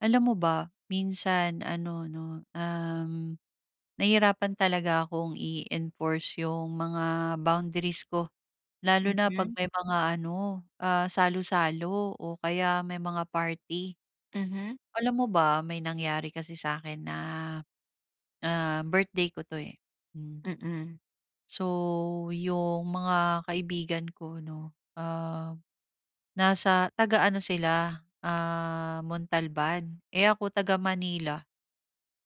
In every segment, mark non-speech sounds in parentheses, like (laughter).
Alam mo ba minsan ano 'no, uhm, nahirapan talaga akong i-enforce yung mga boundaries ko. Lalo na 'pag Mhm. may mga ano, ah, salo-salo o kaya may mga party. Mhm. Alam mo ba may nangyari kasi sa'kin na, ah, birthday ko 'to, eh. Hmm. Mm. So yung mga kaibigan ko 'no, ah, nasa taga-ano sila, ah, Montalban eh, ako taga-Manila.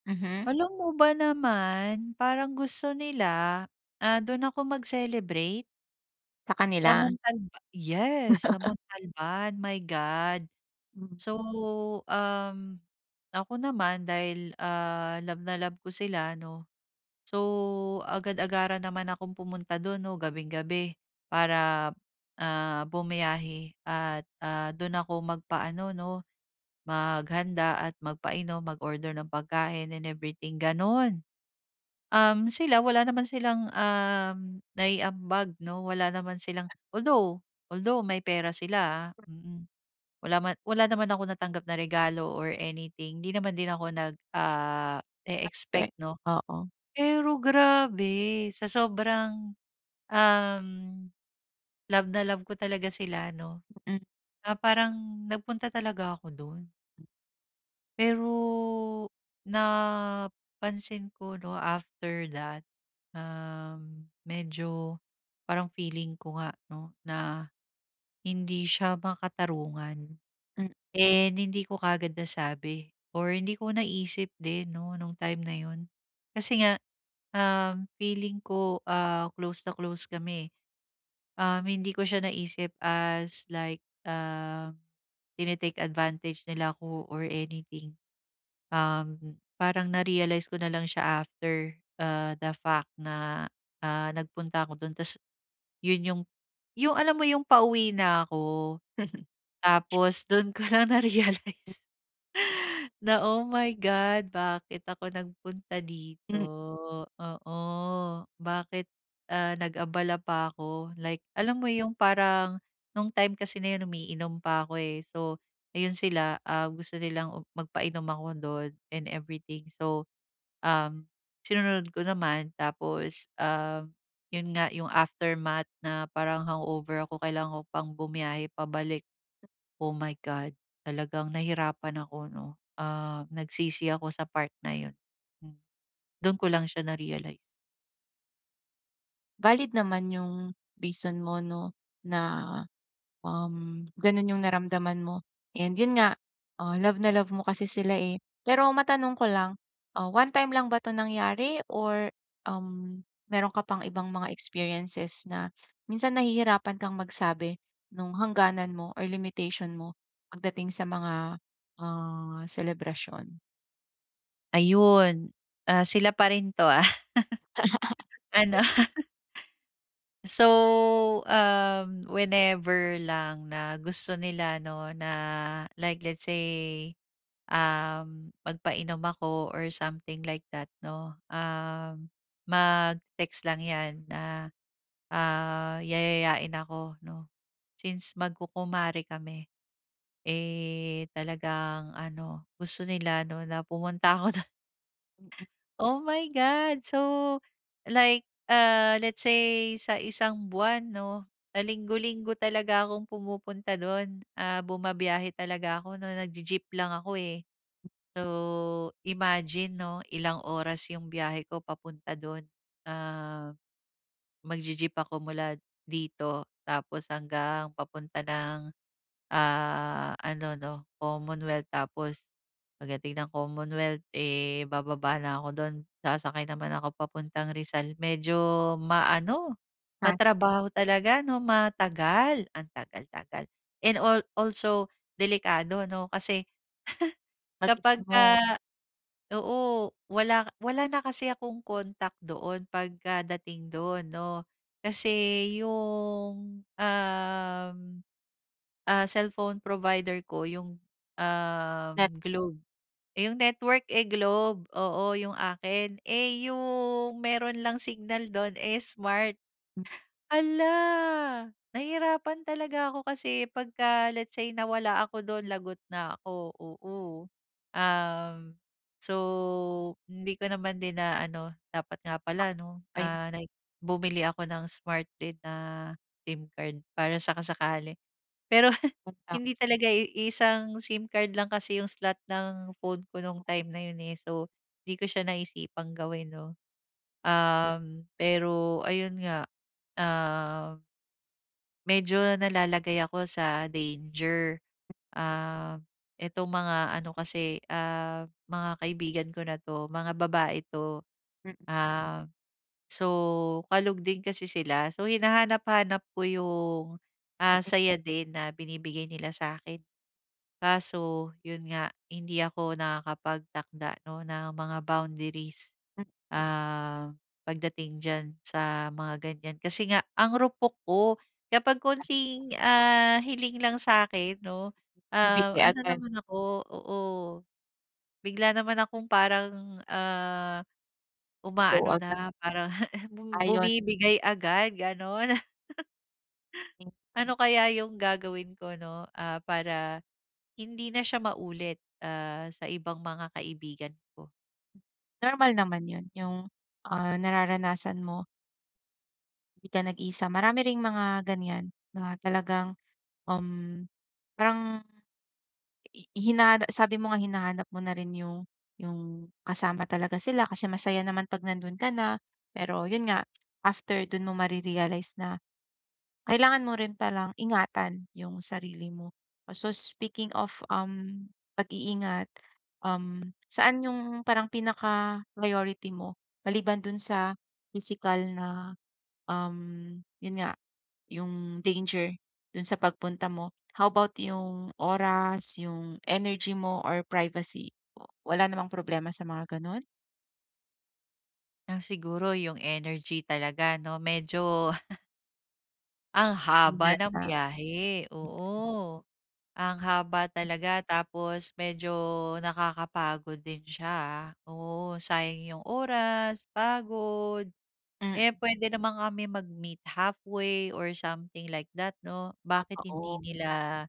Mhm. Alam mo ba naman, parang gusto nila, ah, doon ako mag-celebrate. Sa Sa kanila? Montalba. Yes, sa Montalban, my God. Mm. So, uhm, ako naman dahil, ah, love na love ko sila, 'no. So agad-agaran naman akong pumunta do'n 'no gabing-gabi para, ah, bumiyahe at, ah, doon ako magpa-ano 'no, maghanda at magpainom, mag-order ng pagkain and everything, ganon. Um, sila wala naman silang uhm, naiambag 'no, wala naman silang, although, although may pera sila, ah, mm. Wala man wala naman akong natanggap na regalo or anything. 'Di naman din ako nag ah, Ah, okey. e-expect, 'no? Oo. Pero grabe sa sobrang uhm, love na love ko talaga sila, 'no, Mm. ah parang nagpunta talaga ako doon. Pero napansin ko 'no, after that, uhm, medyo parang feeling ko nga 'no na, hindi siya makatarungan Hmm. and hindi ko kaagad nasabi or hindi ko naisip din 'no nung time na yun. Kasi nga, um, feeling ko, ah, close na close kami. Um, hindi ko siya naisip as, like ah, tini-take advantage nila 'ko, or anything. Uhm, parang na-realize ko nalang siya after, ah, the fact na, ah, nagpunta ako dun tas, yun yung yung alam mo yung pauwi na ako. Tapos dun ko lang (unintelligible) na-realize na, "Oh, my God, bakit ako nagpunta dito?" Hmm. Oo. Bakit, ah, nag-abala pa ako, like, alam mo yung parang nung time kasi na yun, umiinom pa ako, eh, so ayun sila, ah, gusto nilang magpainom ako 'don and everything. So, um, sinunod ko naman, tapos, ah, yun nga yung aftermath na parang hangover ako kailangan ko pang bumiyahe pabalik. Oh, my God! Talagang nahirapan ako 'no. Ah, nagsisi ako sa part na yun, hmm. Dun ko lang siya na-realize. Valid naman 'yong reason mo 'no, na, uhm, gano'n 'yong naramdaman mo and 'yon nga, ah, love na love mo kasi sila, eh. Pero matanong ko lang, ah, one-time lang ba 'to nangyari? Or uhm, meron ka pa'ng ibang mga experiences na, minsan nahihirapan ka'ng magsabi, no'ng hangganan mo or limitation mo, pagdating sa mga, ah, selebrasyon? Ayun. Ah, sila pa rin 'to ah, ano? So, uhm, whenever lang na gusto nila 'no, na like, let's say uhm, magpainom ako or something like that, 'no. Ah, mag-text lang yan na ah, yayayain ako, 'no, since magkukumare kami. Eh, talagang ano gusto nila 'no na pumunta ako do'n. Mm. Oh, My God! So, like, ah, sa isang buwan 'no, linggo-linggo talaga akong pumupunta do'n. Ah, bumibiyahe talaga ako 'no. Nagji-jeep lang ako, eh. So, imagine, 'no, Ilang oras 'yong biyahe ko papunta do'n. Ah, magji-jeep ako mula dito, tapos hanggang papunta ng, ah, ano, 'no, Commonwealth. Tapos pagdating ng Commonwealth, eh, bababa na ako do'n. Sasakay naman ako papuntang Rizal. Medyo ma-ano, (unintelligible) matrabaho talaga, 'no, Matagal! Ang tagal tagal! And al also delikado, ano. Kasi Mag-isa kapagka mo. oo, wala wala na kasi akong contact doon, pagkadating do'n, 'no. Kasi yung, uhm, ah, cellphone provider ko yung, Net. uhm, (clicks tongue) Globe. Eh, 'yong network eh, Globe, oo, 'yong akin. Eh, 'yong meron lang signal 'do'n eh, Smart. Hala! Nahihirapan talaga ako, kasi 'pagka let's say, nawala ako do'n, lagot na ako, oo. Uhm, so hindi ko naman din na-ano, dapat nga (unintelligible) pala 'no, Ayun. ah, like bumili ako ng Smart din na SIM card para saka-sakali. Pero, (laughs) (unintelligible) hindi talaga iisang SIM card lang kasi 'yong slot ng phone ko no'ng time na 'yon, eh. So, 'di ko siya naisipang gawin 'no. Uhm, pero ayon nga, ah, medyo nalalagay ako sa danger. Ah, itong mga ano kasi, ah, mga kaibigan ko na 'to, mga babae 'to. Mm. Ah, so kalog din kasi sila, so hinahanap-hanap ko 'yong, ah, Mm. saya din na binibigay nila sa'kin. Kaso, 'yon nga hindi ako nakakapagtakda, 'no, ng mga boundaries. Ah, pagdating diyan, sa mga ganyan. Kasi nga, ang rupok ko! Kapag (unintelligible) konting, ah, hiling lang sa'kin 'no, ah, Bibigay ano agad. naman ako oo. Bigla naman akong parang, ah, Go uma-ano agad. na parang (chuckles) Ayun. bumibigay agad, gano'n! (chuckles) Ano kaya 'yong gagawin ko 'no ah, para hindi na siya maulit ah, sa ibang mga kaibigan ko? Normal naman 'yon, yung, ah, nararanasan mo. ‘Di ka nag-iisa. Marami ring mga ganiyan, mga talagang um parang i i hinana sabi mo nga hinahanap mo na rin yung, yung kasama talaga sila kasi masaya naman 'pag nando'n ka na. Pero yun nga, after do'n mo mare-realize na kailangan mo rin palang ingatan ‘yong sarili mo. So, speaking of, um, pag-iingat, saan ‘yung parang pinaka-priority mo maliban do'n sa pisikal na, um 'yon nga, ‘yong danger do'n sa pagpunta mo? How about ‘yung oras, ‘yung energy mo or privacy, w wala namang problema sa mga gano'n? Ah siguro yung energy talaga, 'no, medyo (laughs) Ang haba ng biyahe, (unintelligible) oo. Ang haba talaga tapos medyo nakakapagod din siya, ah. Oo, sayang 'yong oras, pagod. Mm. Eh puwede naman kami mag-meet halfway or something like that, 'no? Bakit Ah, oo. hindi nila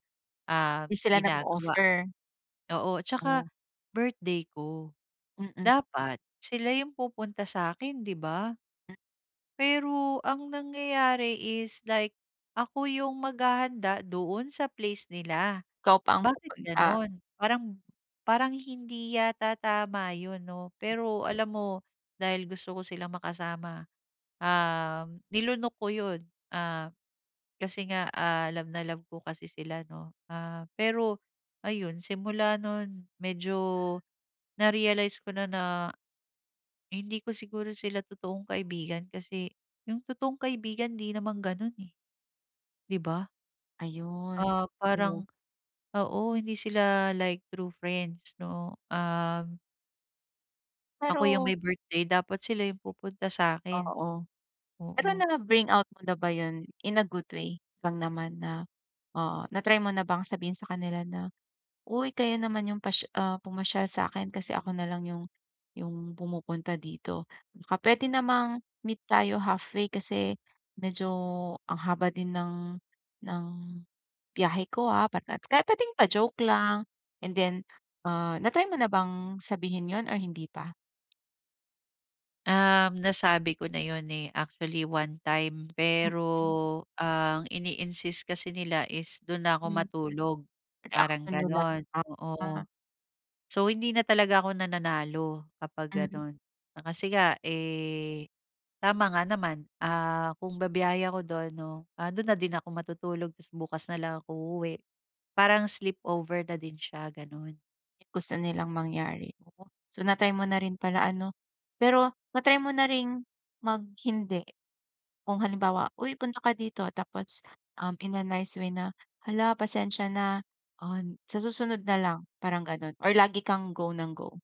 ah ‘Di sila ginagawa. nag-offer. Oo, tsaka Oh. birthday ko, Mm. dapat sila yung pupunta sa’kin, 'di ba? M— Pero ang nangyayari is like ako yung maghahanda doon sa place nila, Ikaw pa ang bakit pupunta. gano'n? Parang parang hindi yata tama 'yon 'no. Pero alam mo dahil gusto ko silang makasama, um nilunok ko 'yon. Ah, kasi nga, ah, love na love ko kasi sila, 'no. Ah, pero ayun simula no'n, medyo na-realize ko na na hindi ko siguro sila totoong kaibigan kasi yung totoong kaibigan ‘di naman gano'n, eh. ‘Di ba? Ayun, Ah, parang oh. oo, hindi sila, like true friends, 'no, um Ako yung Pero may birthday, dapat sila yung pupunta sa'kin. Oo. Pero, Oo. na-bring out mo na ba 'yon in a good way lang naman na ah, na-try mo na bang sabihin sa kanila na, "Uy kayo naman 'yong pas ah, pumasyal sa'kin kasi ako na lang 'yong, 'yong pumupunta dito, baka puwede namang, meet tayo halfway? Kasi, medyo ang haba din ng ng biyahe ko ah", bat nat kahit puwedeng pa-joke lang, and then, ah, na-try mo na bang sabihin 'yon, or hindi pa? Um, nasabi ko na yun eh, actually one time, Mm. pero, ang ini-insist kasi nila is do'n na ako Mm. matulog, Anong parang reaksiyon nila? gano'n, oo. (unintelligible) So, hindi na talaga ako nananalo kapag Mm. ganun. Kasi nga eh, tama nga naman, ah, kung bibiyahe ako do'n, 'no, do'n na din ako matutulog, tas bukas na lang ako uuwi, parang sleepover na din siya, gano'n. Eh, gusto nilang mangyari, oo. So, na-try mo na rin pala, ano? Pero na-try mo na ring mag-hindi. Kung halimbawa, "Uy, punta ka dito." Tapos, um, in a nice way na, "Hala pasensya na, on sa susunod na lang." Parang ganun or lagi kang go nang go?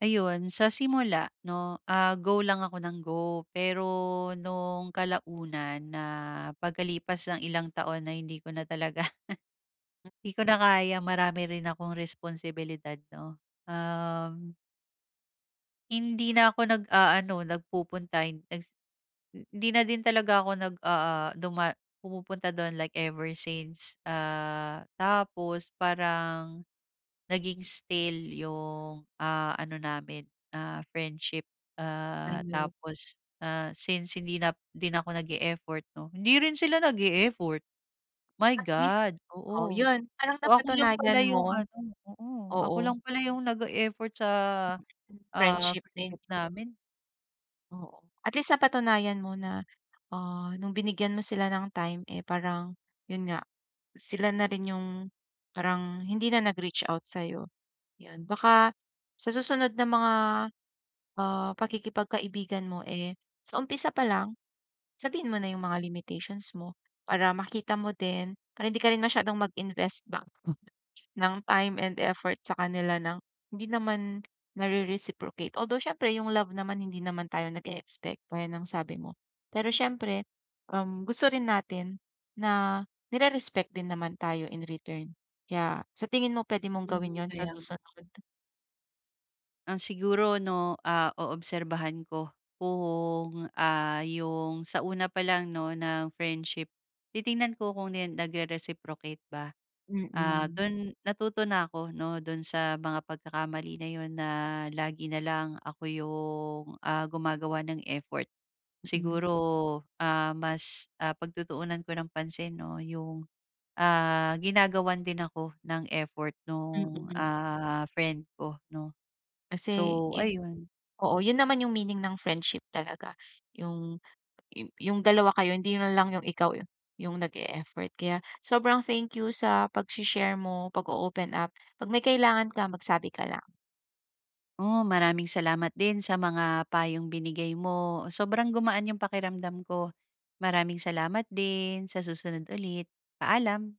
Ayon sa simula, ‘no, ah, go lang ako nang go. Pero no’ng kalaunan na pagkalipas ng ilang taon na hindi ko na talaga (laughs) Hmm. ‘di ko na kaya marami rin akong responsibilidad, ‘no? Um. Hindi na ako nag-aano nagpupunta en egs eh, hindi na din talaga ako nag, ah ah, duma pumupunta do’n like ever since. Ah, tapos parang naging still ‘yung, ah, ano namin, ah, friendship. Ah, Ayun. tapos, ah, since hindi na hindi na ako nag-e-effort, ‘no, hindi rin sila nag-e-effort. My At least, God! oh, Oo. ‘yun parang Ako lang pala napatunayan ‘yung mo. ano oo, ako Oo. lang pala ‘yung nag-e-effort sa, ah, Friendship din. friendship namin. Oo. At least napatunayan mo na, ah, no'ng binigyan mo sila ng time, eh, parang 'yon nga sila na rin 'yong parang hindi na nag-reach out sa'yo. 'Yon, baka sa susunod na mga, ah, pakikipagkaibigan mo, eh, sa umpisa pa lang sabihin mo na yung mga limitations mo. Para makita mo din, para hindi ka rin masyadong mag-invest ba, (chuckles) ng time and effort sa kanila ng hindi naman nare-reciprocate. Although siyempre yung love naman hindi naman tayo nag-e-expect, gaya ng sabi mo. Pero siyempre, um, gusto rin natin na nire-respect din naman tayo in return. Kaya sa tingin mo, pwede mong Mhm, gawin 'yon sa kaya nga. susunod? Ah siguro ',o, ah, oobserbahan ko kung, ah, yung sa una pa lang 'no ng friendship, titingnan ko kung nen nagre-reciprocate ba. Ah Mm. dun natuto na ako 'no dun sa mga pagkakamali na yun na lagi na lang ako yung, ah, gumagawa ng effort. Mm. Siguro, ah, mas, ah, pagtutuunan ko ng pansin, 'no, yung, ah, ginagawan din ako ng effort nung, Mm. ah, friend ko, 'no? Kasi So, it ayun. oo, yun naman yung meaning ng friendship talaga. Yung yung yung dalawa kayo hindi na lang yung ikaw yung nag-e-effort. Kaya sobrang thank you sa pagsi-share mo, pag-o-open up. 'Pag may kailangan ka, magsabi ka lang. Oh, maraming salamat din sa mga payong binigay mo, sobrang gumaan yung pakiramdam ko. Maraming salamat din, sa susunod ulit. Paalam.